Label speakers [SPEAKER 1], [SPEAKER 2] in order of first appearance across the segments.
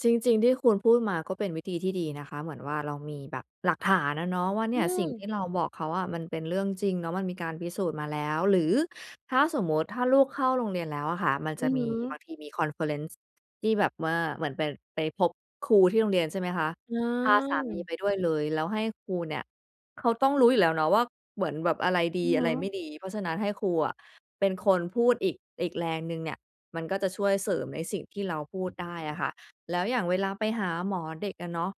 [SPEAKER 1] จริง ๆ ที่คุณพูดมาก็เป็นวิธีที่ดีนะคะ เหมือนว่าเรามีแบบหลักฐานอะเนาะว่าเน
[SPEAKER 2] อ
[SPEAKER 1] ี
[SPEAKER 2] ื
[SPEAKER 1] ่ย สิ่งที
[SPEAKER 2] ม
[SPEAKER 1] ่เราบอกเขาอะมันเป็นเรื่องจริงเนาะ มันมีการพิสูจน์มาแล้ว หรือถ้าสมมุติ ถ้าลูกเข้าโรงเรียนแล้วอะค่ะ มัน
[SPEAKER 2] อ
[SPEAKER 1] จ
[SPEAKER 2] ื
[SPEAKER 1] ะ
[SPEAKER 2] อ
[SPEAKER 1] ม
[SPEAKER 2] ฮ
[SPEAKER 1] ี
[SPEAKER 2] ึ
[SPEAKER 1] บางทีมี คอนเฟอเรนซ์ ที่แบบว่า เหมือนเป็น ไปพบครูที่โรงเรียน ใช่ไหมคะ
[SPEAKER 2] อ๋
[SPEAKER 1] พาสามี
[SPEAKER 2] อ
[SPEAKER 1] ไปด้วยเลย แล้วให้ครูเนี่ย เขาต้องรู้อยู่แล้วเนาะว่าเหมือนแบบอะไรด
[SPEAKER 2] อื
[SPEAKER 1] ี
[SPEAKER 2] อ
[SPEAKER 1] อ
[SPEAKER 2] ฮ
[SPEAKER 1] ะไ
[SPEAKER 2] ึ
[SPEAKER 1] รไม่ดี เพราะฉะนั้นให้ครูอะเป็นคนพูดอีก อีกแรงหนึ่งเนี่ย มันก็จะช่วยเสริมในสิ่งที่เราพูดได้อะค่ะ แล้วอย่างเวลาไปหาหมอเด็กอะเนาะ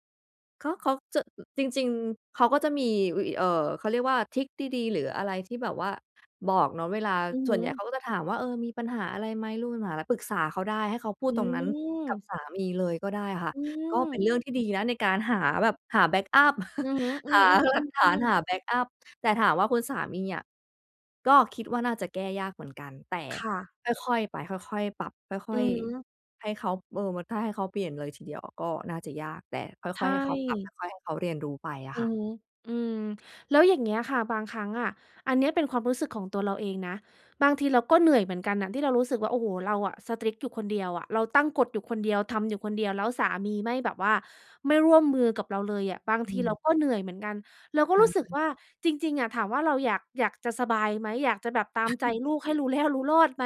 [SPEAKER 1] ก็เขาจะ จริง ๆ เขาก็จะมีวิ เอ่อ เขาเรียกว่า ทริกดี ๆ หรืออะไรที่แบบว่า บอกเนาะเวลา
[SPEAKER 2] อือ
[SPEAKER 1] ส
[SPEAKER 2] ฮ
[SPEAKER 1] ่วนใหญ่
[SPEAKER 2] ึ
[SPEAKER 1] เขาก็จะถามว่า เออ "มีปัญหาอะไรไหม ลูกมีปัญหาอะไร? ปรึกษาเขาได้" ให้เขาพู
[SPEAKER 2] อ
[SPEAKER 1] ด
[SPEAKER 2] ื
[SPEAKER 1] ตรงนั้นกับ
[SPEAKER 2] ม
[SPEAKER 1] สามีเลยก็ได้อะค่ะ
[SPEAKER 2] อื
[SPEAKER 1] ก็เป็นเร
[SPEAKER 2] ม
[SPEAKER 1] ื่องที่ดีนะในการหาแบบ หาแบ็กอัป
[SPEAKER 2] อือฮึ อื
[SPEAKER 1] ห
[SPEAKER 2] อ
[SPEAKER 1] า
[SPEAKER 2] ๆ
[SPEAKER 1] หล
[SPEAKER 2] อื
[SPEAKER 1] ักฐาน
[SPEAKER 2] อ
[SPEAKER 1] ห
[SPEAKER 2] ๆ
[SPEAKER 1] าแบ็กอัป แต่ถามว่าคุณสามีอะ ก็คิดว่าน่าจะแก้ยากเหมือนกัน แต่
[SPEAKER 2] ค่ะ
[SPEAKER 1] ค่อย ๆ ไป ค่อย ๆ ปรับ ค
[SPEAKER 2] อ
[SPEAKER 1] ่
[SPEAKER 2] ื
[SPEAKER 1] อย
[SPEAKER 2] อฮึ
[SPEAKER 1] ๆ ให้เขา เออ มันถ้าให้เขาเปลี่ยนเลยทีเดียวอะก็น่าจะยาก แต่ค
[SPEAKER 2] ใช
[SPEAKER 1] ่อย ๆ ให้เขาปรับ
[SPEAKER 2] ่
[SPEAKER 1] ค่อย ๆ ให้เขาเรียนรู้ไปอะ
[SPEAKER 2] อ
[SPEAKER 1] ค
[SPEAKER 2] ื
[SPEAKER 1] ่ะ
[SPEAKER 2] อฮึ อืม แล้วอย่างเงี้ยค่ะ บางครั้งอะ อันเนี้ยเป็นความรู้สึกของตัวเราเองนะ บางทีเราก็เหนื่อยเหมือนกันน่ะที่เรารู้สึกว่า โอ้โฮ เราอะ strict อยู่คนเดียวอะ เราตั้งกฎอยู่คนเดียว ทำอยู่คนเดียว แล้วสามีไม่แบบว่าไม่ร่วมมือกับเราเลยอะ บาง
[SPEAKER 1] อ
[SPEAKER 2] ท
[SPEAKER 1] ื
[SPEAKER 2] ีเรา
[SPEAKER 1] ม
[SPEAKER 2] ก็เหนื่อยเหมือนกัน เราก็
[SPEAKER 1] ใช
[SPEAKER 2] รู้สึก
[SPEAKER 1] ่
[SPEAKER 2] ว่า จริง ๆ อะ ถามว่าเราอยาก อยากจะสบายไหม อยากจะแบบตามใจลูกให้รู้แล้วรู้รอดไหม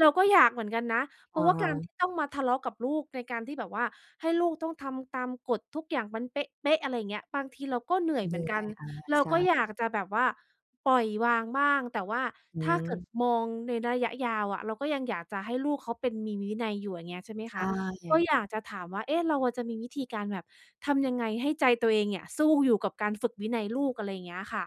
[SPEAKER 2] เราก็อยากเหมือนกันนะ เพ
[SPEAKER 1] อ
[SPEAKER 2] รา
[SPEAKER 1] ะ
[SPEAKER 2] ะว่า
[SPEAKER 1] ฮ
[SPEAKER 2] การท
[SPEAKER 1] ะ
[SPEAKER 2] ี่ต้องมาทะเลาะกับลูกในการที่แบบว่า ให้ลูกต้องทำตามกฎทุกอย่างมันเป๊ะ ๆ อะไรอย่างเงี้ย บางทีเราก็เหนื่อย
[SPEAKER 1] เห
[SPEAKER 2] เ
[SPEAKER 1] น
[SPEAKER 2] หมื
[SPEAKER 1] ื่
[SPEAKER 2] อนก
[SPEAKER 1] อ
[SPEAKER 2] ั
[SPEAKER 1] ย
[SPEAKER 2] น
[SPEAKER 1] อา
[SPEAKER 2] เรา
[SPEAKER 1] ใช
[SPEAKER 2] ก
[SPEAKER 1] ่
[SPEAKER 2] ็อ
[SPEAKER 1] ค
[SPEAKER 2] ย
[SPEAKER 1] ่ะ
[SPEAKER 2] ากจะแบบว่าปล่อยวางบ้าง แต่ว่า
[SPEAKER 1] อื
[SPEAKER 2] ถ้าเกิด
[SPEAKER 1] อ
[SPEAKER 2] มองในระยะยาวอะ เราก็ยังอยากจะให้ลูกเขาเป็นมีวินัยอยู่ อย่างเงี้ยใช่ไหม
[SPEAKER 1] ใช
[SPEAKER 2] คะ ก็
[SPEAKER 1] ่
[SPEAKER 2] อยากจะถามว่า เอ๊ะ เราอะจะมีวิธีการแบบทำยังไงให้ใจตัวเองเนี่ย สู้อยู่กับการฝึกวินัยลูก? อะไรอย่างเงี้ยค่ะ